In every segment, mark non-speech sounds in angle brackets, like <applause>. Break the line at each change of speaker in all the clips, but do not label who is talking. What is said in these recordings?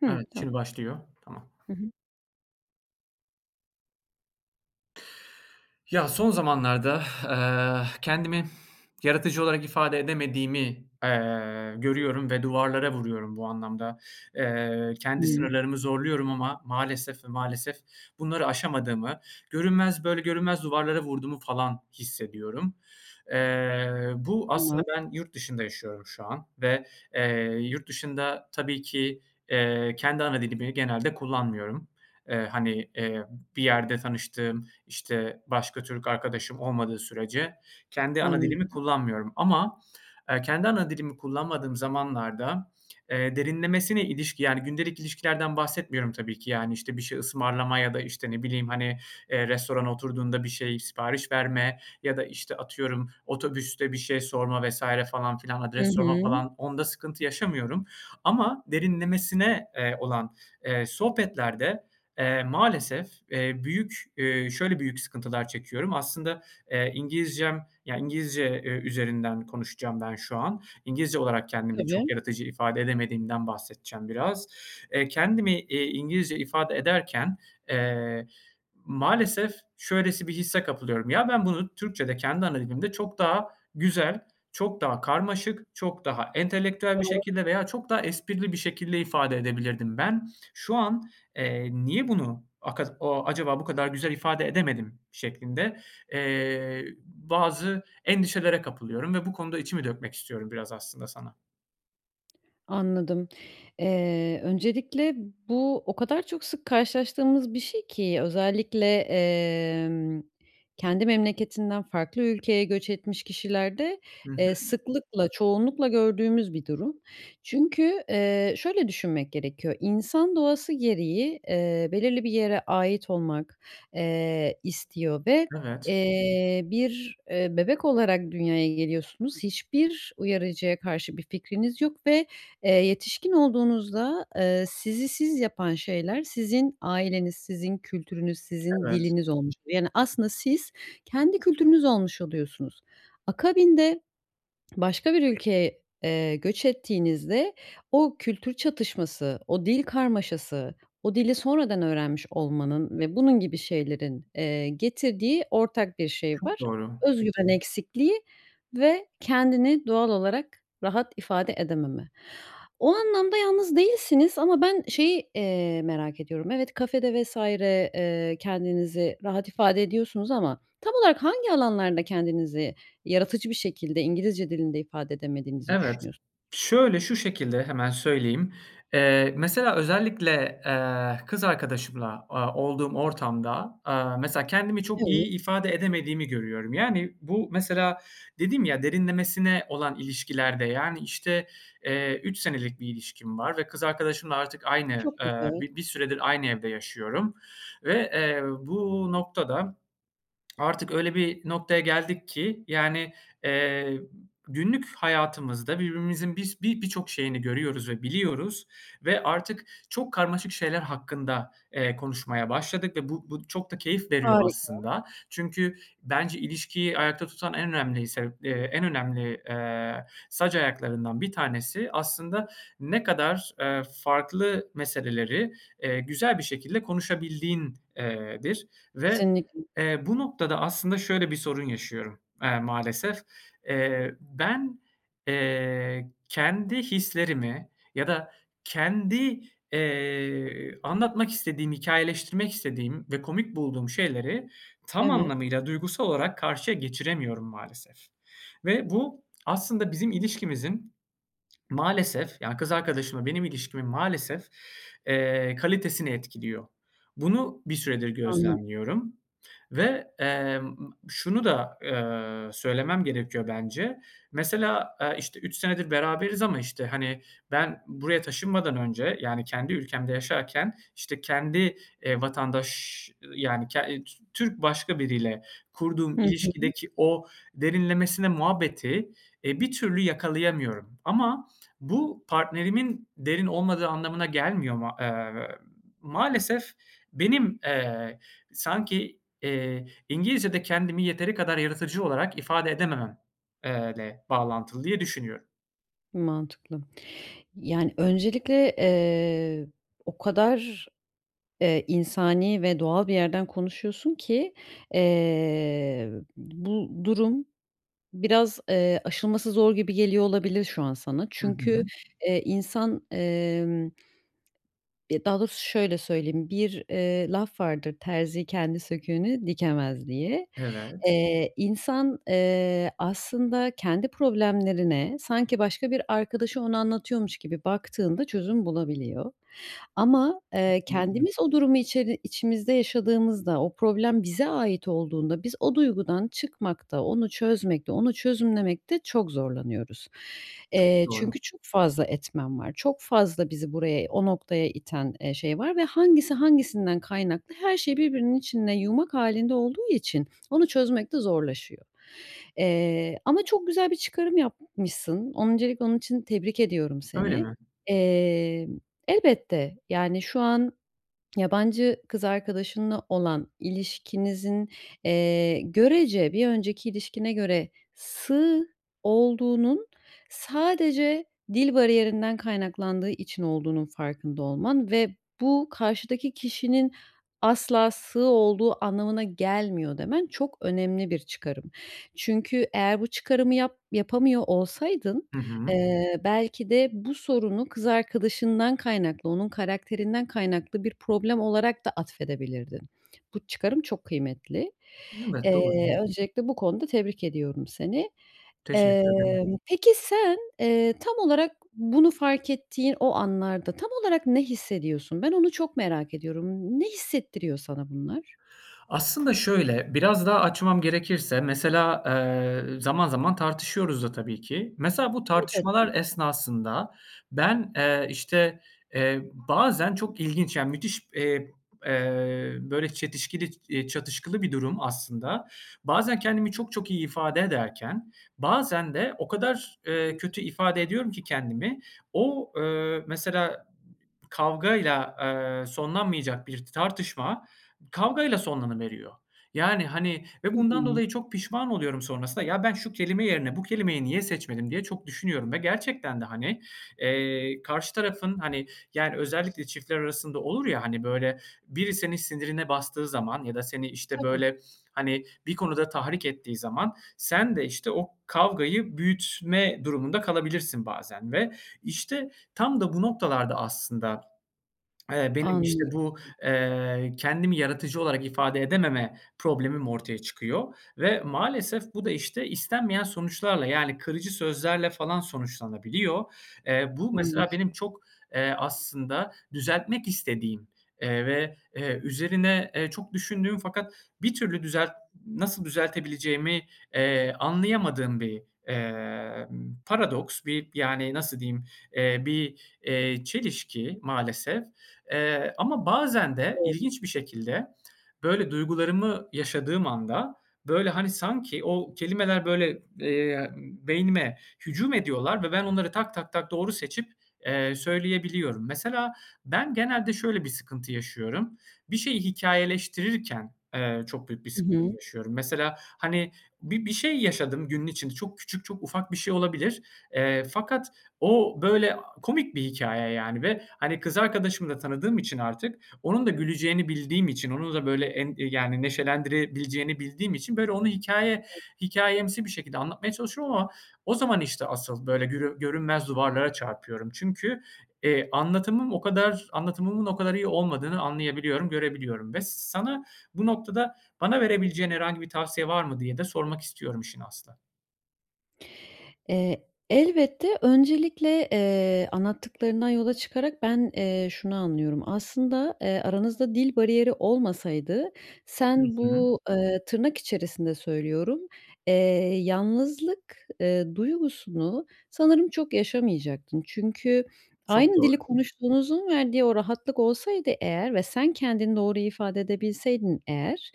Hıı,
Evet,
tamam.
şimdi başlıyor, tamam.
Hı hı.
Ya, son zamanlarda <exhales> eee, kendimi <exhales> yaratıcı olarak ifade edemediğimi, eee, görüyorum ve duvarlara vuruyorum bu anlamda. Eee, kendi
Hımm.
sınırlarımı zorluyorum ama maalesef ve maalesef bunları aşamadığımı, görünmez, böyle görünmez duvarlara vurduğumu falan hissediyorum. Eee, bu
Tamam.
aslında ben yurt dışında yaşıyorum şu an ve, eee, yurt dışında tabii ki, eee, kendi ana dilimi genelde kullanmıyorum. Eee, hani, eee, bir yerde tanıştığım, işte, başka Türk arkadaşım olmadığı sürece kendi ana dilimi
Anladım.
kullanmıyorum. <smacks lips> Ama, eee, kendi ana dilimi kullanmadığım zamanlarda <smacks lips> eee, derinlemesine ilişki, yani gündelik ilişkilerden bahsetmiyorum tabii ki, yani, işte. Bir şey ısmarlama ya da işte ne bileyim, hani, eee, restorana oturduğunda bir şey sipariş verme ya da, işte, atıyorum otobüste bir şey sorma vs. falan filan,
Hı
adres sorma
hı.
falan onda sıkıntı yaşamıyorum. Ama derinlemesine, eee, olan, eee, sohbetlerde, eee, maalesef, eee, büyük, eee, şöyle büyük sıkıntılar çekiyorum. Aslında, eee, İngilizcem, yani, İngilizce ü üzerinden konuşacağım ben şu an. İngilizce olarak kendimi çok
Tabii.
yaratıcı ifade edemediğimden bahsedeceğim biraz. Eee, kendimi iii, İngilizce ifade ederken, eee, maalesef şöylesi bir hisse kapılıyorum. Ya, ben bunu Türkçe'de, kendi ana dilimde çok daha güzel, çok daha karmaşık, çok daha entelektüel bir
Doğru.
şekilde veya çok daha esprili bir şekilde ifade edebilirdim ben. Şu an, eee, niye bunu aka a acaba bu kadar güzel ifade edemedim şeklinde, eee, bazı endişelere kapılıyorum ve bu konuda içimi dökmek istiyorum biraz aslında sana.
Anladım, eee. Öncelikle bu o kadar çok sık karşılaştığımız bir şey ki özellikle, emm, kendi memleketinden farklı ülkeye göç etmiş kişilerde,
Hı
eee,
hı.
sıklıkla, çoğunlukla gördüğümüz bir durum. Çünkü, eee, şöyle düşünmek gerekiyor; insan doğası gereği, eee, belirli bir yere ait olmak, eee, istiyor ve,
Evet.
eee, bir, eee, bebek olarak dünyaya geliyorsunuz. Hiçbir uyarıcıya karşı bir fikriniz yok ve, eee, yetişkin olduğunuzda, ııı, sizi siz yapan şeyler sizin aileniz, sizin kültürünüz, sizin
Evet.
diliniz olmuş oluyor. Yani, aslında siz kendi kültürünüz olmuş oluyorsunuz. Akabinde <smacks lips> başka bir ülkeye, eee, göç ettiğinizde o kültür çatışması, o dil karmaşası, o dili sonradan öğrenmiş olmanın ve bunun gibi şeylerin, eee, getirdiği ortak bir şey
Çok
var.
doğru.
Özgüven eksikliği ve kendini doğal olarak rahat ifade edememe. O anlamda yalnız değilsiniz ama ben şeyi, eee, merak ediyorum, evet, kafe de vs. eee, kendinizi rahat ifade ediyorsunuz ama tam olarak hangi alanlarda kendinizi yaratıcı bir şekilde İngilizce dilinde ifade edemediğinizi
Evet,
düşünüyors
şöyle, şu şekilde, hemen söyleyeyim, eee. Mesela özellikle, eee, kız arkadaşımla, aaa, olduğum ortam da, aaa, mesela kendimi çok
Evet.
iyi ifade edemediğimi görüyorum. Yani, bu mesela dedim ya, derinlemesine olan ilişkilerde yani, işte, eee 3 senelik bir ilişkim var ve kız arkadaşımla artık aynı,
Çok
aaa,
güzel.
bi bir süredir aynı evde yaşıyorum. Ve, eee, bu nokta da <smacks lips> artık öyle bir noktaya geldik ki yani, eee, günlük hayatımızda birbirimizin biz bi birçok şeyini görüyoruz ve biliyoruz. Ve artık çok karmaşık şeyler hakkında, eee, konuşmaya başladık ve bu bu çok da keyif veriyor
Harika.
aslında. Çünkü bence ilişkiyi ayakta tutan en önemli sebep, eee, en önemli, eee, sac ayaklarından 1 tanesi aslında ne kadar, eee, farklı meseleleri, eee, güzel bir şekilde konuşabildiğin, eee, dir ve,
Kesinlikle.
eee, bu noktada aslında şöyle bir sorun yaşıyorum, aaa, maalesef, eee. Ben, eee, kendi hislerimi ya da kendi, eee, anlatmak istediğim, hikâyeleştirmek istediğim ve komik bulduğum şeyleri tam
Evet.
anlamıyla duygusal olarak karşıya geçiremiyorum maalesef ve bu aslında bizim ilişkimizin <smacks lips> maalesef, ya, kız arkadaşımla benim ilişkimin maalesef, eee, kalitesini etkiliyor. Bunu bir süredir
Anladı
gözlemliyorum ve, emm, şunu da, aaa, söylemem gerekiyor bence. Mesela, aaa, işte 3 senedir beraberiz ama işte, hani, ben buraya taşınmadan önce, yani kendi ülkemde yaşarken işte kendi, eee, vatandaş-ş, ııı, yani, ke T Türk başka biriyle kurduğum
Hı hı.
ilişkideki o derinlemesine muhabbeti, eee, bir türlü yakalayamıyorum. Ama bu partnerimin derin olmadığı anlamına gelmiyor. Ma emm, ııı, maalesef benim, eee, sanki, eee, İngilizcede kendimi yeteri kadar yaratıcı olarak ifade edemem, eee, le bağlantılı diye düşünüyorum.
Mantıklı. Yani, öncelikle, eee, o kadar, eee, insani ve doğal bir yerden konuşuyorsun ki, eee, bu durum biraz, eee, aşılması zor gibi geliyor olabilir şu an sana.
Hı
Çünkü,
hı.
eee, insan, emm, ya daha doğrusu şöyle söyleyeyim. Bir, eee, laf vardır; terzi kendi söküğünü dikemez diye.
Evet.
Eee, insan, eee, aslında kendi problemlerine, sanki başka bir arkadaşı ona anlatıyormuş gibi baktığında çözüm bulabiliyor. Ama, eee,
Kesinlikle
kendimiz o durumu içeri içimizde yaşadığımızda, o problem bize ait olduğunda biz o duygudan çıkmakta, onu çözmekte, onu çözümlemekte çok zorlanıyoruz.
Çok
Eee,
doğru.
çünkü çok fazla etmen var, çok fazla bizi buraya, o noktaya iten, eee, şey var ve hangisi hangisinden kaynaklı her şey birbirinin içinde yumak hâlinde olduğu için, onu çözmek de zorlaşıyor. Eee, ama çok güzel bir çıkarım yapmışsın. Öncelikle onun için tebrik ediyorum
Öyle
seni.
mi?
Eee, elbette, yani, şu an yabancı kız arkadaşınla olan ilişkinizin, eee, görece bir önceki ilişkine göre sığ olduğunun sadece dil bariyerinden kaynaklandığı için olduğunun farkında olman ve bu karşıdaki kişinin asla sığ olduğu anlamına gelmiyor, demen çok önemli bir çıkarım. Çünkü eğer bu çıkarımı yap yapamıyor olsaydın,
Hı hı.
eee, belki de bu sorunu kız arkadaşından kaynaklı, onun karakterinden kaynaklı bir problem olarak da atfedebilirdin. Bu çıkarım çok kıymetli.
Evet, doğru.
Eee, öncelikle bu konuda tebrik ediyorum seni. Eee,
Teşekkür ederim.
peki, sen, eee, tam olarak bunu fark ettiğin o anlarda, tam olarak ne hissediyorsun? Ben, onu çok merak ediyorum. Ne hissettiriyor sana bunlar?
Aslında şöyle, biraz daha açmam gerekirse mesela, eee, zaman zaman tartışıyoruz da tabii ki. Mesela bu tartışmalar
<unintelligible>
esnasında, ben, eee, işte, eee, bazen çok ilginç, yani, müthiş, eee, eee, böyle, çetişkili, iii, çatışkılı bir durum aslında. Bazen kendimi çok çok iyi ifade ederken bazen de o kadar, eee,
<unintelligible>
kötü ifade ediyorum ki kendimi, o, eee, mesela kavgayla, eee, sonlanmayacak bir tartışma kavgayla sonlanıveriyor. Yani, hani, ve
Hı
bundan
hı.
dolayı çok pişman oluyorum sonrasında, ya ben, şu kelime yerine bu kelimeyi niye seçmedim diye çok düşünüyorum ve gerçekten de hani, eee, karşı tarafın, hani, yani, özellikle çiftler arasında olur ya, hani, böyle, biri senin sinirine bastığı zaman ya da seni, işte,
Tabii.
böyle, hani, bir konuda tahrik ettiği zaman, sen de işte o kavgayı büyütme durumunda kalabilirsin bazen. Ve, işte, tam da bu noktalarda aslında, eee, benim işte
Anlıyorum.
bu, eee, kendimi yaratıcı olarak ifade edememe problemim ortaya çıkıyor. Ve maalesef bu da, işte, istenmeyen sonuçlarla, yani, kırıcı sözlerle falan sonuçlanabiliyor. Eee, bu
Anladım.
mesela benim çok, eee, aslında düzeltmek istediğim, eee, ve, eee, üzerine, eee, çok düşündüğüm fakat bir türlü düzelt nasıl düzeltebileceğimi, eee, anlayamadığım bir, emm, paradoks. Bir, yani, nasıl diyeyim? Eee, bir, eee, çelişki maalesef. Eee, ama bazen de
Doğru.
ilginç bir şekilde böyle duygularımı yaşadığım anda, böyle, hani, sanki o kelimeler böyle, eee, beynime hücum ediyorlar ve ben, onları tak tak tak doğru seçip, eee, söyleyebiliyorum. Mesela, ben, genelde şöyle bir sıkıntı yaşıyorum; bir şeyi hikâyeleştirirken, eee, çok büyük bir
Hı
sıkıntı
hı.
yaşıyorum. Mesela, hani, bi bir şey yaşadım günün için çok küçük, çok ufak bir şey olabilir, eee, fakat o böyle komik bir hikâye, yani, ve, hani, kız arkadaşımı da tanıdığım için artık onun da güleceğini bildiğim için, onun da böyle en yani, neşelendirebileceğini bildiğim için böyle onu hikâye
<unintelligible>
hikâyemsi bir şekilde anlatmaya çalışıyorum ama o zaman işte asıl böyle görü görünmez duvarlara çarpıyorum. Çünkü, eee, anlatımım o kadar anlatımımın o kadar iyi olmadığını anlayabiliyorum, görebiliyorum ve sana bu noktada bana verebileceğin herhangi bir tavsiye var mı diye de sormak istiyorum işin aslı.
Eee, elbette öncelikle, eee, anlattıklarından yola çıkarak ben, eee, şunu anlıyorum. Aslında, eee, aranızda dil bariyeri olmasaydı
Hı
sen
hı.
bu, ııı, tırnak içerisinde söylüyorum, eee, "yalnızlık", ııı, duygusunu sanırım çok yaşamayacaktın. Çünkü
Çok
aynı dili
doğru.
konuştuğunuzun verdiği o rahatlık olsaydı eğer ve sen kendini doğru ifade edebilseydin eğer,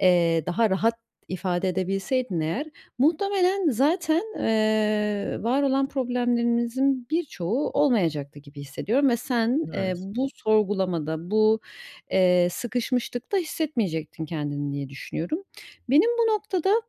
eee, daha rahat ifade edebilseydin eğer muhtemelen zaten, ııı, varolan problemlerinizin birçoğu olmayacaktı gibi hissediyorum ve sen, eee,
Evet.
bu sorgulamada bu, eee, sıkışmışlıkta hissetmeyecektin kendini diye düşünüyorum. Benim bu noktada,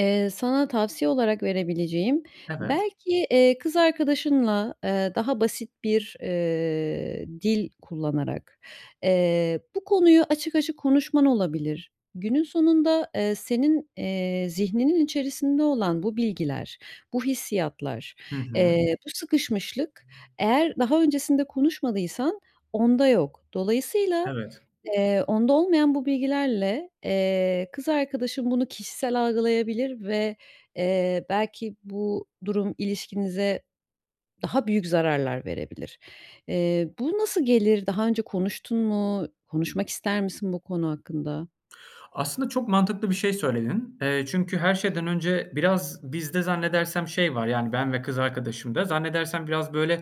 ııı, sana tavsiye olarak verebileceğim
Evet.
belki, eee, kız arkadaşınla, eee, daha basit bir, eee, dil kullanarak, eee, bu konuyu açık açık konuşman olabilir. Günün sonunda, eee, senin, eee, zihninin içerisinde olan bu bilgiler, bu hissiyatlar,
Hı hı.
eee bu sıkışmışlık eğer daha öncesinde konuşmadıysan onda yok. Dolayısıyla,
Evet.
eee, onda olmayan bu bilgilerle, eee, kız arkadaşın bunu kişisel algılayabilir ve, eee, belki bu durum ilişkinize daha büyük zararlar verebilir. Eee, bu nasıl gelir? Daha önce konuştun mu? Konuşmak ister misin bu konu hakkında?
Aslında çok mantıklı bir şey söyledin. Eee, çünkü her şeyden önce biraz bizde zannedersem, şey, var. Yani, ben ve kız arkadaşımda zannedersem biraz böyle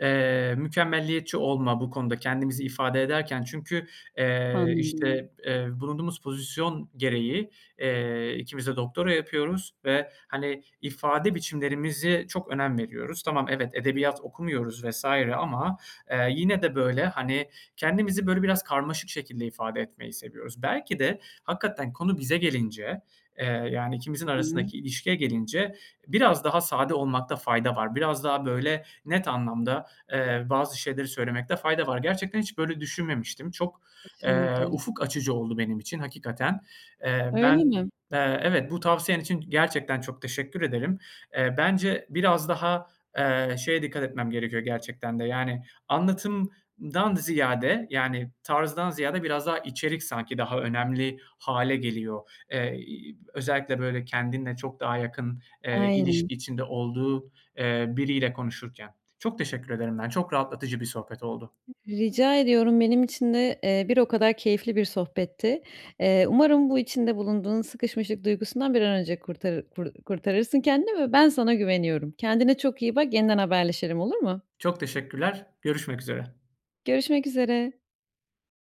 eee, mükemmeliyetçi olma bu konuda kendimizi ifade ederken çünkü, eee,
Anladım.
işte, eee, bulunduğumuz pozisyon gereği, eee, 2'miz de doktora yapıyoruz ve, hani, ifade biçimlerimize çok önem veriyoruz. Tamam, evet, edebiyat okumuyoruz vs. ama, eee, yine, de böyle, hani, kendimizi böyle biraz karmaşık şekilde ifade etmeyi seviyoruz. Belki de hakikaten konu bize gelince, eee, yani, ikimizin
Hı hı.
arasındaki ilişkiye gelince biraz daha sade olmakta fayda var. Biraz daha böyle net anlamda, eee, bazı şeyleri söylemekte fayda var. Gerçekten hiç böyle düşünmemiştim. Çok, eee,
Kesinlikle.
ufuk açıcı oldu benim için hakikaten. Eee, ben,
Öyle mi?
eee, evet, bu tavsiyen için gerçekten çok teşekkür ederim. Eee, bence biraz daha, eee, şeye dikkat etmem gerekiyor gerçekten de, yani, anlatımdan ziyade, yani, tarzdan ziyade biraz daha içerik sanki daha önemli hâle geliyor. Eee, ııı, özellikle böyle kendinle çok daha yakın, eee,
Aynen.
ilişki içinde olduğu, eee, biriyle konuşurken. Çok teşekkür ederim ben, çok rahatlatıcı bir sohbet oldu.
Rica ediyorum, benim için de, eee, bir o kadar keyifli bir sohbetti. Eee, umarım bu içinde bulunduğun sıkışmışlık duygusundan bir an önce kurtarır kur kurtarırsın kendini ve ben sana güveniyorum. Kendine çok iyi bak, yeniden haberleşelim, olur mu?
Çok teşekkürler. Görüşmek üzere.
Görüşmek üzere.